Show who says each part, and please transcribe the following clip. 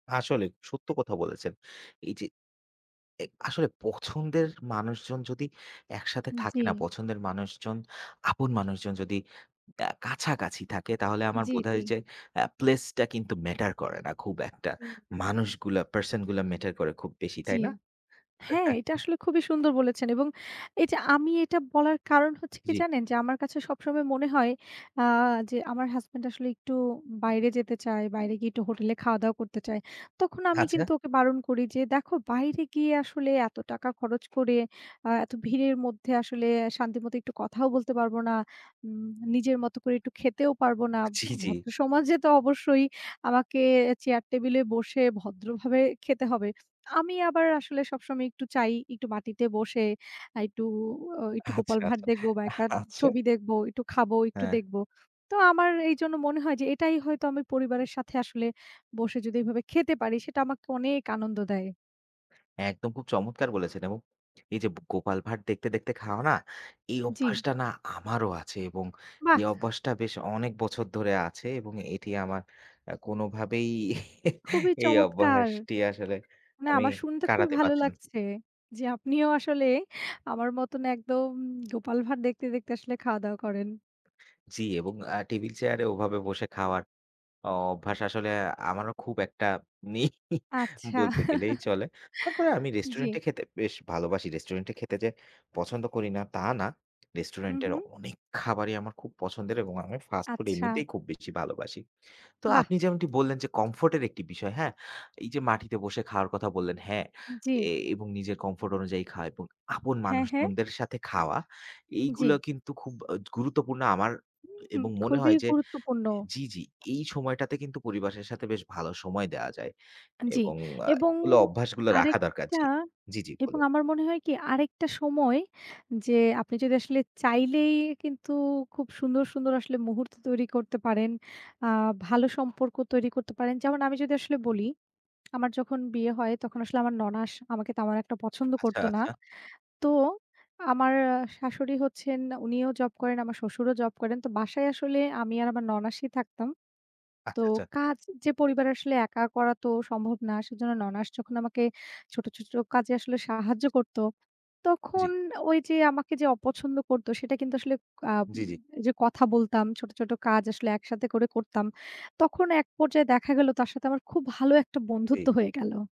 Speaker 1: আসলেই, সত্য কথা বলেছেন। এইযে, এ আসলে পছন্দের মানুষজন যদি একসাথে
Speaker 2: আন
Speaker 1: থাকে
Speaker 2: জি।
Speaker 1: না, পছন্দের মানুষজন আপন মানুষজন যদি আ কাছাকাছি থাকে, তাহলে আমার
Speaker 2: জি,
Speaker 1: বোধ হয়
Speaker 2: জি।
Speaker 1: যে, আ প্লেসটা কিন্তু ম্যাটার করে না খুব একটা।
Speaker 2: হুম।
Speaker 1: মানুষগুলা, পার্সনগুলো ম্যাটার করে খুব বেশি।
Speaker 2: জি।
Speaker 1: তাই না?
Speaker 2: হ্যাঁ, এটা আসলে খুবই সুন্দর বলেছেন। এবং এইযে আমি এটা বলার কারণ হচ্ছে কি
Speaker 1: জি।
Speaker 2: জানেন? যে আমার কাছে সবসময় মনে হয়। আ যে আমার হাসব্যান্ড আসলে একটু বাইরে যেতে চায়। বাইরে গিয়ে একটু হোটেলে খাওয়া-দাওয়া করতে চায়। তখন আমি
Speaker 1: আচ্ছা।
Speaker 2: কিন্তু ওকে বারণ করি। যে, "দেখো বাইরে গিয়ে আসলে এত টাকা খরচ করে, আ এত ভিড়ের মধ্যে আসলে এ শান্তিমতো একটু কথাও বলতে পারবো না। উম নিজের মতো করে একটু খেতেও পারবো না।" ভ
Speaker 1: জি, জি।
Speaker 2: ভদ্রসমাজে তো অবশ্যই আমাকে এ চেয়ার টেবিলে বসে ভদ্রভাবে খেতে হবে। আমি আবার আসলে সবসময় একটু চাই একটু মাটিতে বসে, আ একটু ও একটু গোপাল
Speaker 1: আচ্ছা,
Speaker 2: ভাঁড়
Speaker 1: আচ্ছা।
Speaker 2: দেখবো বা, একবার
Speaker 1: আচ্ছা।
Speaker 2: ছবি দেখবো। একটু খাবো, একটু
Speaker 1: হ্যাঁ।
Speaker 2: দেখবো। তো আমার এইজন্য মনে হয় যে, এটাই হয়তো আমি পরিবারের সাথে আসলে বসে যদি এভাবে খেতে পারি। সেটা আমাকে অনেক আনন্দ দেয়।
Speaker 1: একদম, খুব চমৎকার বলেছেন এবং এইযে ব গোপাল ভাঁড় দেখতে, দেখতে খাওয়া না, এই
Speaker 2: জি।
Speaker 1: অভ্যাসটা না আমারও আছে এবং
Speaker 2: বাহ!
Speaker 1: এই অভ্যাসটা বেশ অনেক বছর ধরে আছে এবং এটি আমার আ কোনভাবেই
Speaker 2: খুবই
Speaker 1: এই
Speaker 2: চমৎকার।
Speaker 1: অভ্যাসটি আসলে
Speaker 2: না
Speaker 1: আমি
Speaker 2: আমার শুনতে খুবই
Speaker 1: কাটাতে
Speaker 2: ভালো
Speaker 1: পারছি না।
Speaker 2: লাগছে যে, আপনিও আসলে আমার মতন একদম গোপাল ভাঁড় দেখতে, দেখতে আসলে খাওয়া-দাওয়া করেন।
Speaker 1: জি এবং আ টেবিল চেয়ারে ওভাবে বসে খাওয়ার অ অভ্যাস আসলে আমারও খুব একটা নেই ই
Speaker 2: আচ্ছা।
Speaker 1: বলতে গেলেই চলে। তারপরেও আমি
Speaker 2: জি।
Speaker 1: রেস্টুরেন্টে খেতে বেশ ভালোবাসি। রেস্টুরেন্টে খেতে যে পছন্দ করি না, তা না।
Speaker 2: হু,
Speaker 1: রেস্টুরেন্টের
Speaker 2: হু।
Speaker 1: অনেক খাবারই আমার খুব পছন্দের এবং আমি ফাস্ট ফুড
Speaker 2: আচ্ছা।
Speaker 1: এমনিতেই খুব বেশি ভালোবাসি। তো
Speaker 2: বাহ!
Speaker 1: আপনি যেমনটি বললেন যে, কমফোর্টের একটি বিষয়, হ্যাঁ? এইযে মাটিতে বসে খাওয়ার কথা বললেন। হ্যাঁ, এ
Speaker 2: জি।
Speaker 1: এবং নিজের কমফোর্ট অনুযায়ী খাওয়া এবং আপন
Speaker 2: হ্যাঁ, হ্যাঁ।
Speaker 1: মানুষজনদের সাথে খাওয়া।
Speaker 2: জি।
Speaker 1: এইগুলা কিন্তু খুব অ গুরুত্বপূর্ণ আমার এ
Speaker 2: হুঁ,
Speaker 1: এবং মনে
Speaker 2: খুবই
Speaker 1: হয় যে
Speaker 2: গুরুত্বপূর্ণ।
Speaker 1: জি, জি। এই সময়টাতে কিন্তু পরিবারের সাথে বেশ ভালো সময় দেয়া যায়।
Speaker 2: আ জি।
Speaker 1: এবং আ
Speaker 2: এবং
Speaker 1: গুলো অভ্যাসগুলো রাখা দরকার।
Speaker 2: আরেকটা
Speaker 1: জি, জি, জি।
Speaker 2: এবং
Speaker 1: বলুন।
Speaker 2: আমার মনে হয় কি? আরেকটা সময় যে, আপনি যদি আসলে চাইলেই কিন্তু খুব সুন্দর, সুন্দর আসলে মুহূর্ত তৈরি করতে পারেন। আ ভালো সম্পর্ক তৈরি করতে পারেন। যেমন, আমি যদি আসলে বলি। আমার যখন বিয়ে হয়, তখন আসলে আমার ননাস আমাকে তেমন একটা পছন্দ
Speaker 1: আচ্ছা,
Speaker 2: করতো না।
Speaker 1: আচ্ছা।
Speaker 2: তো, আমার আ শাশুড়ি হচ্ছেন উনিও জব করেন, আমার শ্বশুরও জব করেন। তো বাসায় আসলে আমি আর আমার ননাশই থাকতাম। তো,
Speaker 1: আচ্ছা, আচ্ছা।
Speaker 2: কাজ যে পরিবার আসলে একা করা তো সম্ভব না। সেজন্য ননাশ যখন আমাকে ছোট, ছোট কাজে আসলে সাহায্য
Speaker 1: ইজ
Speaker 2: করতো,
Speaker 1: জি।
Speaker 2: তখন ওইযে আমাকে যে অপছন্দ করতো, সেটা কিন্তু আসলে আম
Speaker 1: জি, জি।
Speaker 2: যে কথা বলতাম, ছোট, ছোট কাজ আসলে একসাথে করে করতাম, তখন এক পর্যায়ে দেখা গেল তার সাথে আমার খুব ভালো একটা
Speaker 1: জি।
Speaker 2: বন্ধুত্ব হয়ে গেল।